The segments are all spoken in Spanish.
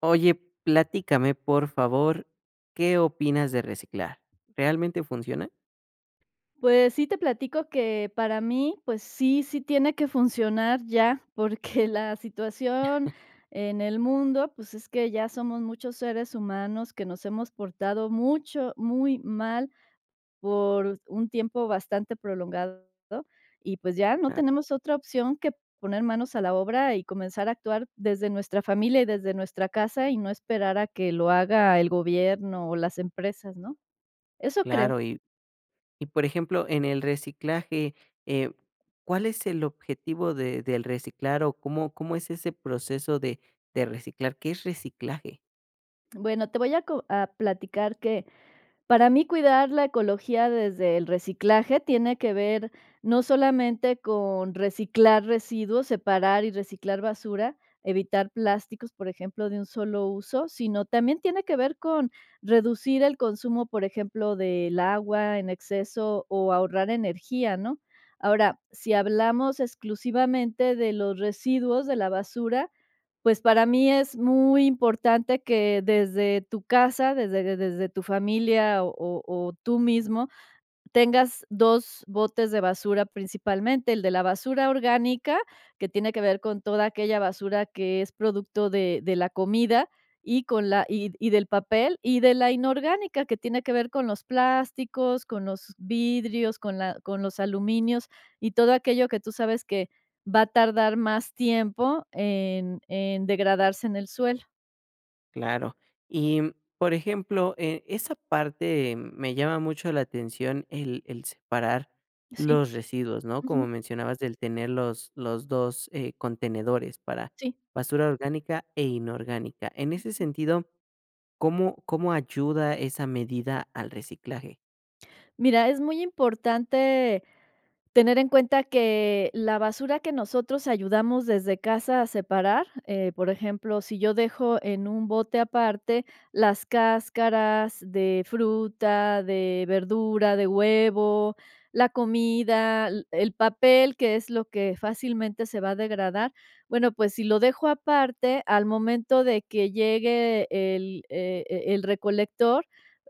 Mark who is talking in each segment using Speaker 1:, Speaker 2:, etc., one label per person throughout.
Speaker 1: Oye, platícame, por favor, ¿qué opinas de reciclar?, ¿realmente funciona?
Speaker 2: Pues, sí te platico que para mí, pues, sí, sí tiene que funcionar ya, porque la situación en el mundo, pues, es que ya somos muchos seres humanos que nos hemos portado mucho muy mal, por un tiempo bastante prolongado. Y pues ya, no
Speaker 1: Ah.
Speaker 2: tenemos otra opción que poner manos a la obra y comenzar a actuar desde nuestra familia, y desde nuestra casa, y no esperar a que lo haga el gobierno, o las empresas ¿no?, eso creo.
Speaker 1: Claro, y y por ejemplo, en el reciclaje, eh, ¿cuál es el objetivo de del reciclar?, o ¿cómo cómo es ese proceso de de reciclar? ¿Qué es reciclaje?
Speaker 2: Bueno, te voy a co a platicar que, para mí cuidar la ecología desde el reciclaje tiene que ver no solamente con reciclar residuos, separar y reciclar basura, evitar plásticos, por ejemplo, de un solo uso, sino también tiene que ver con reducir el consumo, por ejemplo, del agua en exceso, o ahorrar energía, ¿no?, ahora, si hablamos exclusivamente de los residuos de la basura, pues, para mí es muy importante que desde tu casa, desde de desde tu familia o o tú mismo, tengas 2 botes de basura principalmente. El de la basura orgánica, que tiene que ver con toda aquella basura que es producto de de la comida, y con la y y del papel, y de la inorgánica, que tiene que ver con los plásticos, con los vidrios, con la con los aluminios, y todo aquello que tú sabes que va a tardar más tiempo en en degradarse en el suelo.
Speaker 1: Claro. Y, mm, por ejemplo, eh, esa parte me llama mucho la atención, el el separar
Speaker 2: Sí.
Speaker 1: los residuos, ¿no?, como
Speaker 2: Ujú.
Speaker 1: mencionabas, el tener los los 2, eh, contenedores para
Speaker 2: Sí.
Speaker 1: basura orgánica e inorgánica. En ese
Speaker 2: Ujú.
Speaker 1: sentido, ¿cómo cómo ayuda esa medida al reciclaje?
Speaker 2: Mira, es muy importante tener en cuenta que la basura que nosotros ayudamos desde casa a separar, eh, por ejemplo, si yo dejo en un bote aparte las cáscaras de fruta, de verdura, de huevo, la comida, l el papel, que es lo que fácilmente se va a degradar. Bueno, pues, si lo dejo aparte, al momento de que llegue el e el recolector,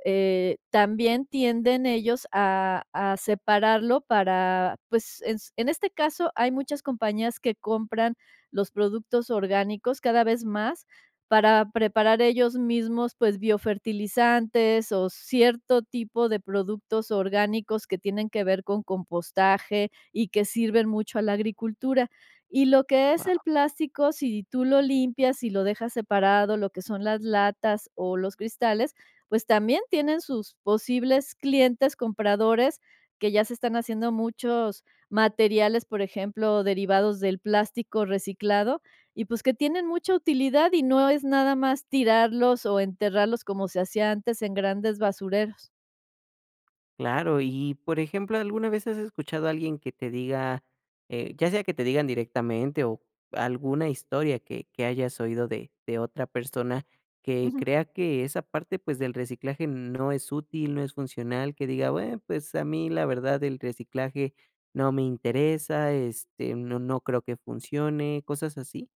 Speaker 2: eh, también tienden ellos a a separarlo para, pues, ens en este caso hay muchas compañías que compran los productos orgánicos cada vez más, para preparar ellos mismos, pues, biofertilizantes o cierto tipo de productos orgánicos que tienen que ver con compostaje, y que sirven mucho a la agricultura. Y lo que es el
Speaker 1: Guau.
Speaker 2: plástico, si tú lo limpias, si lo dejas separado, lo que son las latas o los cristales, pues, también tienen sus posibles clientes compradores que ya se están haciendo muchos materiales, por ejemplo, derivados del plástico reciclado. Y pues, que tienen mucha utilidad, y no es nada más tirarlos o enterrarlos, como se hacía antes en grandes basureros.
Speaker 1: Claro. Y y por ejemplo, ¿alguna vez has escuchado a alguien que te diga eh, ya sea que te digan directamente, o, alguna historia que que hayas oído de de otra persona que
Speaker 2: Ujú.
Speaker 1: crea que esa parte, pues, del reciclaje no es útil, no es funcional? Que diga: "Bueno, pues, a mí, la verdad, el reciclaje no me interesa, este, no no creo que funcione", ¿cosas así?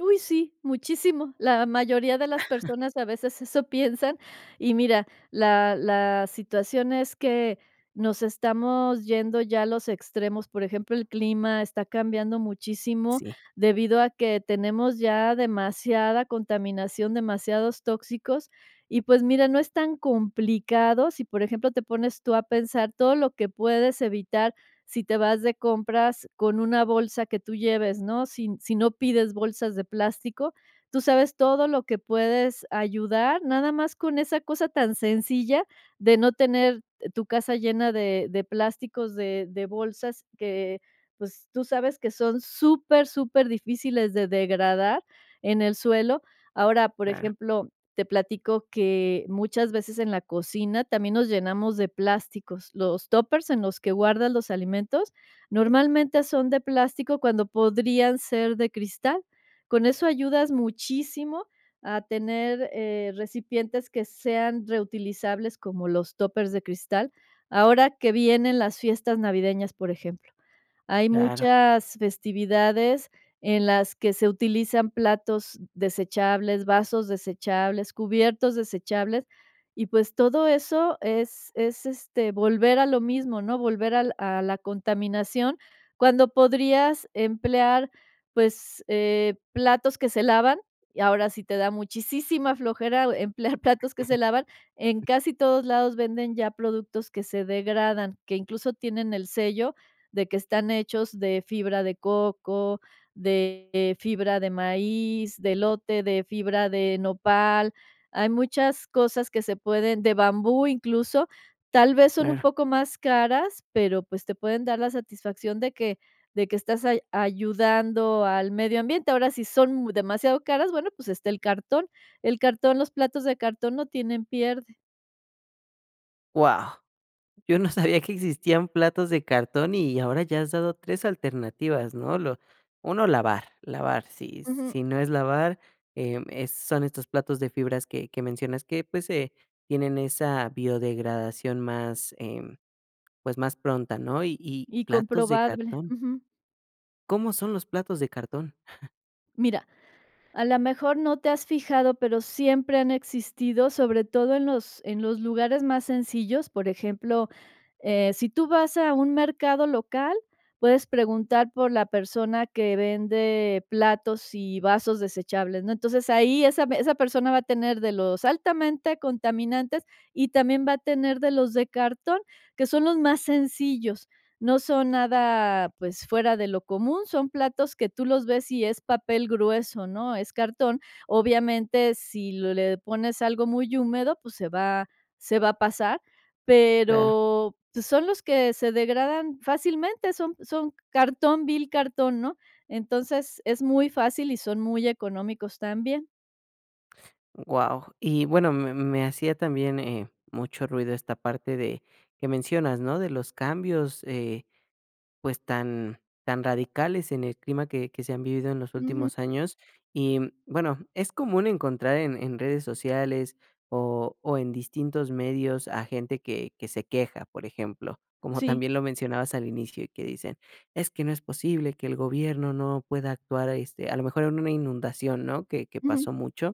Speaker 2: Uy, sí. Muchísimo. La mayoría de las personas a veces eso piensan. Y mira, la la situación es que nos estamos yendo ya a los extremos. Por ejemplo, el clima está cambiando muchísimo,
Speaker 1: Sí.
Speaker 2: debido a que tenemos ya demasiada contaminación, demasiados tóxicos. Y, pues, mira, no es tan complicado si, por ejemplo, te pones tú a pensar todo lo que puedes evitar si te vas de compras con una bolsa que tú lleves, ¿no? Sin si no pides bolsas de plástico. Tú sabes todo lo que puedes ayudar, nada más con esa cosa tan sencilla de no tener tu casa llena de de plásticos, de de bolsas que, pues, tú sabes que son súper, súper difíciles de degradar en el suelo. Ahora, por
Speaker 1: Claro.
Speaker 2: ejemplo, te platico que muchas veces en la cocina también nos llenamos de plásticos. Los tópers en los que guardas los alimentos, normalmente son de plástico cuando podrían ser de cristal. Con eso ayudas muchísimo a tener, eh, recipientes que sean reutilizables como los tópers de cristal. Ahora que vienen las fiestas navideñas, por ejemplo. Hay
Speaker 1: Claro.
Speaker 2: muchas festividades en las que se utilizan platos desechables, vasos desechables, cubiertos desechables, y pues, todo eso es es, este, volver a lo mismo, ¿no? Volver al a la contaminación cuando podrías emplear, pues, eh, platos que se lavan. Y ahora si te da muchisísima flojera emplear platos que se lavan, en casi todos lados venden ya productos que se degradan, que, incluso, tienen el sello de que están hechos de fibra de coco, de fibra de maíz, de elote, de fibra de nopal. Hay muchas cosas que se pueden de bambú, incluso. Tal vez son un
Speaker 1: Claro.
Speaker 2: poco más caras, pero, pues, te pueden dar la satisfacción de que de que estás ay ayudando al medio ambiente. Ahora, si son mu demasiado caras, bueno, pues, está el cartón. El cartón. Los platos de cartón no tienen pierde.
Speaker 1: Guau. Yo no sabía que existían platos de cartón, y ahora ya has dado 3 alternativas, ¿no? Lo 1, lavar, lavar, si
Speaker 2: Ujú.
Speaker 1: si no es lavar, eh, em, son estos platos de fibras que que mencionas que, pues, eh, tienen esa biodegradación más, em, pues, más pronta, ¿no? Y y
Speaker 2: Y
Speaker 1: platos de
Speaker 2: comprobable.
Speaker 1: cartón. ¿Cómo son los platos de cartón?
Speaker 2: Mira, a la mejor no te has fijado, pero siempre han existido sobre todo en los en los lugares más sencillos, por ejemplo, eh, si tú vas a un mercado local, puedes preguntar por la persona que vende platos y vasos desechables, ¿no? Entonces, ahí esa esa persona va a tener de los altamente contaminantes, y también va a tener de los de cartón, que son los más sencillos. No son nada, pues, fuera de lo común, son platos que tú los ves y es papel grueso, ¿no? Es cartón. Obviamente, si le pones algo muy húmedo, pues, se va se va a pasar,
Speaker 1: Claro.
Speaker 2: pero, pues, son los que se degradan fácilmente, son son cartón vil cartón, ¿no? Entonces es muy fácil y son muy económicos también.
Speaker 1: Guau, y bueno, me me hacía también, eh, mucho ruido esta parte de que mencionas, ¿no? De los cambios, eh, pues, tan tan radicales en el clima que que se han vivido en los
Speaker 2: Ujú.
Speaker 1: últimos años. Y, mm, bueno, es común encontrar en en redes sociales, o o, en distintos medios a gente que que se queja, por ejemplo, como
Speaker 2: Sí.
Speaker 1: también lo mencionabas al inicio, y que dicen: "Es que no es posible que el gobierno no pueda actuar", este, a lo mejor en una inundación, ¿no? Que que
Speaker 2: Ujú.
Speaker 1: pasó mucho,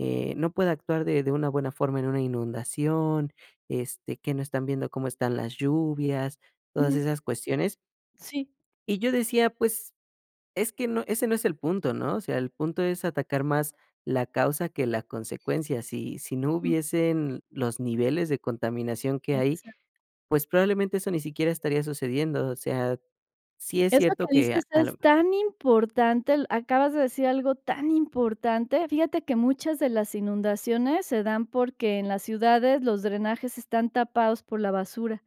Speaker 1: eh, no puede actuar de de una buena forma en una inundación, este, que no están viendo cómo están las lluvias, todas
Speaker 2: Ujú.
Speaker 1: esas cuestiones.
Speaker 2: Sí.
Speaker 1: Y yo decía: "Pues es que no ese no es el punto, ¿no? O sea, el punto es atacar más la causa que la consecuencia". Si si no
Speaker 2: Mm.
Speaker 1: hubiesen los niveles de contaminación que hay,
Speaker 2: Exac
Speaker 1: pues, probablemente eso ni siquiera estaría sucediendo, o sea, sí es
Speaker 2: Eso que
Speaker 1: cierto que a
Speaker 2: dices
Speaker 1: a
Speaker 2: es
Speaker 1: lo
Speaker 2: tan importante, l acabas de decir algo tan importante. Fíjate que muchas de las inundaciones se dan porque en las ciudades los drenajes están tapados por la basura.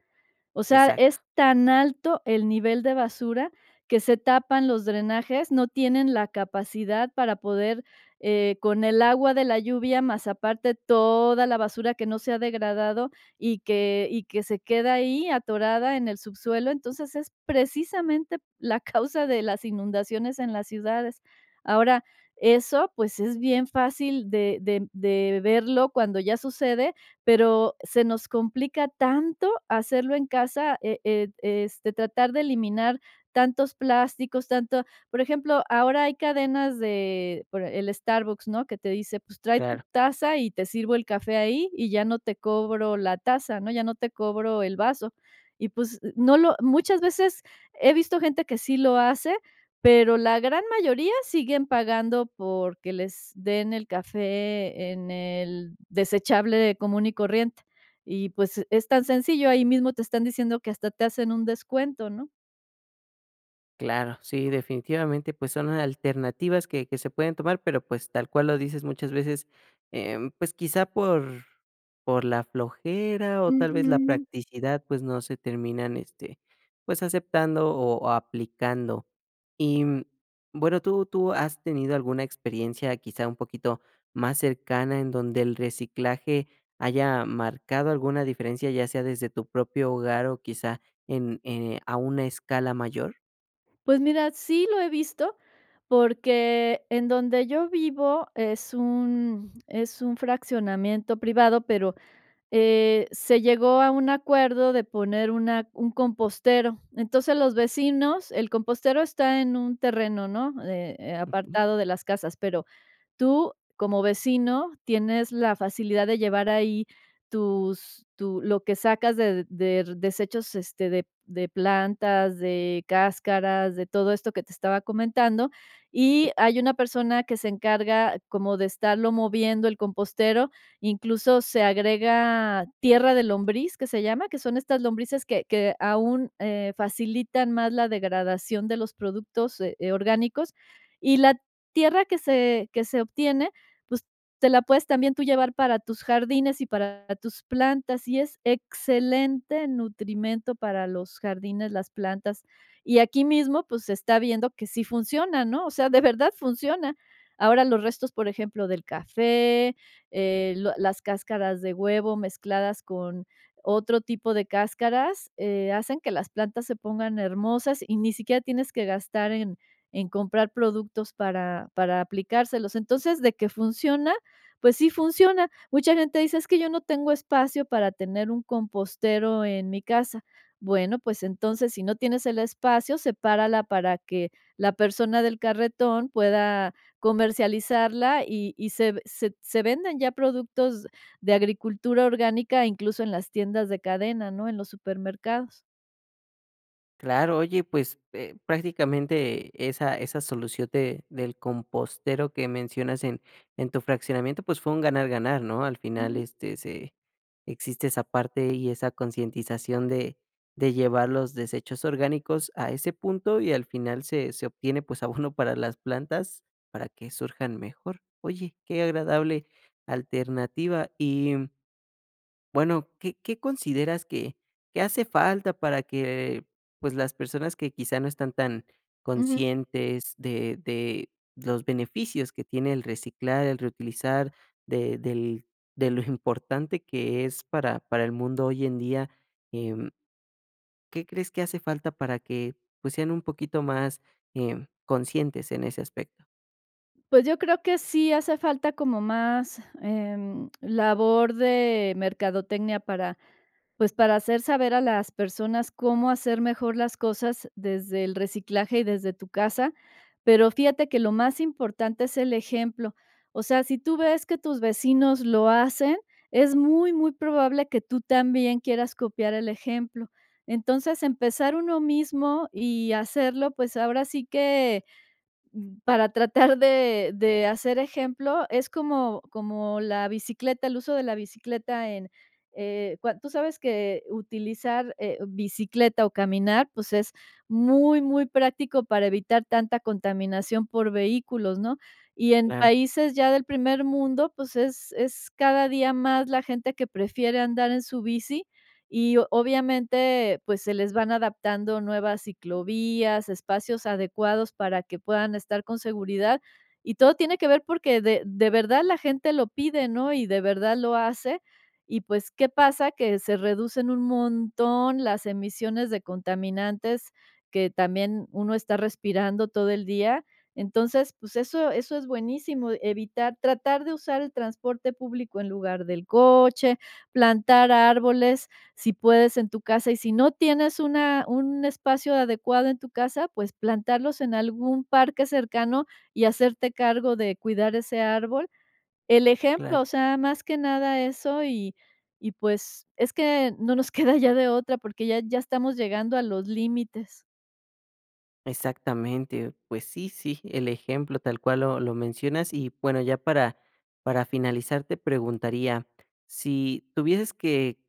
Speaker 2: O sea, es
Speaker 1: Exacto.
Speaker 2: tan alto el nivel de basura que se tapan los drenajes, no tienen la capacidad para poder, eh, con el agua de la lluvia, más aparte toda la basura que no se ha degradado, y que y que se queda ahí atorada en el subsuelo. Entonces, es precisamente la causa de las inundaciones en las ciudades. Ahora, eso, pues, es bien fácil de de de verlo cuando ya sucede, pero se nos complica tanto hacerlo en casa, e e este, tratar de eliminar tantos plásticos, tanto, por ejemplo, ahora hay cadenas de por el Starbucks, ¿no? Que te dice, pues, trae tu
Speaker 1: Claro.
Speaker 2: taza, y te sirvo el café ahí, y ya no te cobro la taza, ¿no? Ya no te cobro el vaso. Y, pues, no lo muchas veces, he visto gente que sí lo hace, pero la gran mayoría siguen pagando porque les den el café en el desechable común y corriente. Y pues, es tan sencillo, ahí mismo te están diciendo que hasta te hacen un descuento, ¿no?
Speaker 1: Claro, sí, definitivamente, pues son alternativas que que se pueden tomar, pero, pues, tal cual lo dices muchas veces, em, pues quizá por por la flojera, o, tal vez la
Speaker 2: Ujú.
Speaker 1: practicidad, pues, no se terminan, este, pues aceptando, o, aplicando. Y, mm, bueno, ¿tú tú has tenido alguna experiencia quizá, un poquito más cercana en donde el reciclaje haya marcado alguna diferencia, ya sea desde tu propio hogar, o quizá, en eh, a una escala mayor?
Speaker 2: Pues mira, sí lo he visto porque en donde yo vivo es un es un fraccionamiento privado, pero, eh, se llegó a un acuerdo de poner una un compostero. Entonces, los vecinos el compostero está en un terreno, ¿no?, eh, eh,
Speaker 1: Okey.
Speaker 2: Apartado de las casas, pero tú como vecino tienes la facilidad de llevar ahí tus tu lo que sacas de der desechos, este, de de plantas, de cáscaras, de todo esto que te estaba comentando,
Speaker 1: Sí.
Speaker 2: y hay una persona que se encarga como de estarlo moviendo el compostero, incluso se agrega "tierra de lombriz" que se llama, que son estas lombrices que que aún, eh, facilitan más la degradación de los productos, eh, orgánicos, y la tierra que se que se obtiene, pues, te la puedes también tú llevar para tus jardines y para tus plantas, y es excelente nutrimento para los jardines, las plantas. Y aquí mismo, pues, se está viendo que sí funciona, ¿no?, o sea, de verdad funciona. Ahora los restos, por ejemplo, del café, eh, lo las cáscaras de huevo mezcladas con otro tipo de cáscaras, eh, hacen que las plantas se pongan hermosas, y ni siquiera tienes que gastar en en comprar productos para para aplicárselos. Entonces, de que funciona, pues sí funciona. Mucha gente dice: "Es que yo no tengo espacio para tener un compostero en mi casa". Bueno, pues entonces, si no tienes el espacio, sepárala para que, la persona del carretón pueda comercializarla y y se se se venden ya productos de agricultura orgánica, incluso en las tiendas de cadena, ¿no?, en los supermercados.
Speaker 1: Claro, oye, pues, eh, prácticamente esa esa solución de del compostero que mencionas en en tu fraccionamiento, pues, fue un ganar, ganar, ¿no? Al final,
Speaker 2: Ujú.
Speaker 1: este, se existe esa parte, y esa concientización de de llevar los desechos orgánicos a ese punto. Y al final se se obtiene, pues, abono para las plantas, para que surjan mejor. Oye, qué agradable alternativa. Y bueno, ¿qué qué consideras que qué hace falta para que, pues, las personas que, quizá, no están tan
Speaker 2: Ujú.
Speaker 1: conscientes de de los beneficios que tiene el reciclar, el reutilizar, de del, de lo importante que es para para el mundo hoy en día? Em ¿qué crees que hace falta para que, pues, sean un poquito más, eh, conscientes en ese aspecto?
Speaker 2: Pues, yo creo que sí hace falta como más, em, labor de mercadotecnia para, pues, para hacer saber a las personas cómo hacer mejor las cosas desde el reciclaje y desde tu casa. Pero, fíjate que lo más importante es el ejemplo. O sea, si tú ves que tus vecinos lo hacen, es muy, muy probable que tú también quieras copiar el ejemplo. Entonces, empezar uno mismo y hacerlo, pues, ahora sí que, mm, para tratar de de hacer ejemplo, es como como la bicicleta, el uso de la bicicleta en, eh, cua tú sabes que utilizar, eh, bicicleta, o, caminar, pues, es muy, muy práctico para evitar tanta contaminación por vehículos, ¿no? Y en
Speaker 1: Claro.
Speaker 2: países ya del primer mundo, pues es es cada día más la gente que prefiere andar en su bici, y obviamente, pues, se les van adaptando nuevas ciclovías, espacios adecuados para que puedan estar con seguridad, y todo tiene que ver porque de de verdad la gente lo pide, ¿no? Y de verdad lo hace y, pues, ¿qué pasa? Que se reducen un montón las emisiones de contaminantes que también uno está respirando todo el día. Entonces, pues, eso eso es buenísimo, evitar tratar, de usar el transporte público en lugar del coche, plantar árboles, si puedes en tu casa, y si no tienes una un espacio adecuado en tu casa, pues, plantarlos en algún parque cercano, y hacerte cargo de cuidar ese árbol. El ejemplo,
Speaker 1: Claro.
Speaker 2: o sea, más que nada eso y y pues, es que no nos queda ya de otra porque ya ya estamos llegando a los límites.
Speaker 1: Exactamente. Pues sí, sí, el ejemplo tal cual lo lo mencionas y bueno, ya para para finalizar te preguntaría. Si tuvieses que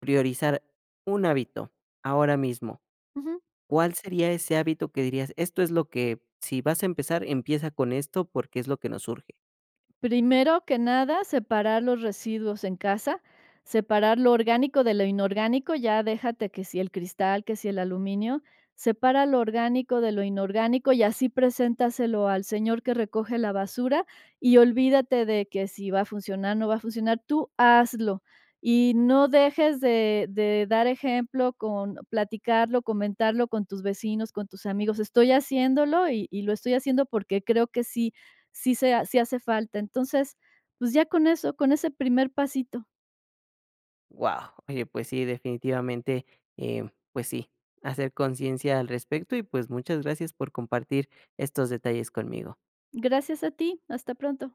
Speaker 1: priorizar un hábito ahora mismo,
Speaker 2: Ujú.
Speaker 1: ¿cuál sería ese hábito que dirías: "Esto es lo que, si vas a empezar, empieza con esto, porque es lo que nos urge"?
Speaker 2: Primero que nada, separar los residuos en casa. Separar lo orgánico, de lo inorgánico, ya déjate que si el cristal, que si el aluminio. Separa lo orgánico, de lo inorgánico y así preséntaselo al señor que recoge la basura, y olvídate de que si va a funcionar, no va a funcionar, tú hazlo. Y no dejes de de dar ejemplo con platicarlo, comentarlo con tus vecinos, con tus amigos: "Estoy haciéndolo y y lo estoy haciendo porque creo que sí, sí se ha sí hace falta". Entonces, pues ya con eso, con ese primer pasito.
Speaker 1: ¡Guau! Oye, pues sí, definitivamente, em, pues sí, hacer conciencia al respecto y, pues, muchas gracias por compartir estos detalles conmigo.
Speaker 2: Gracias a ti, hasta pronto.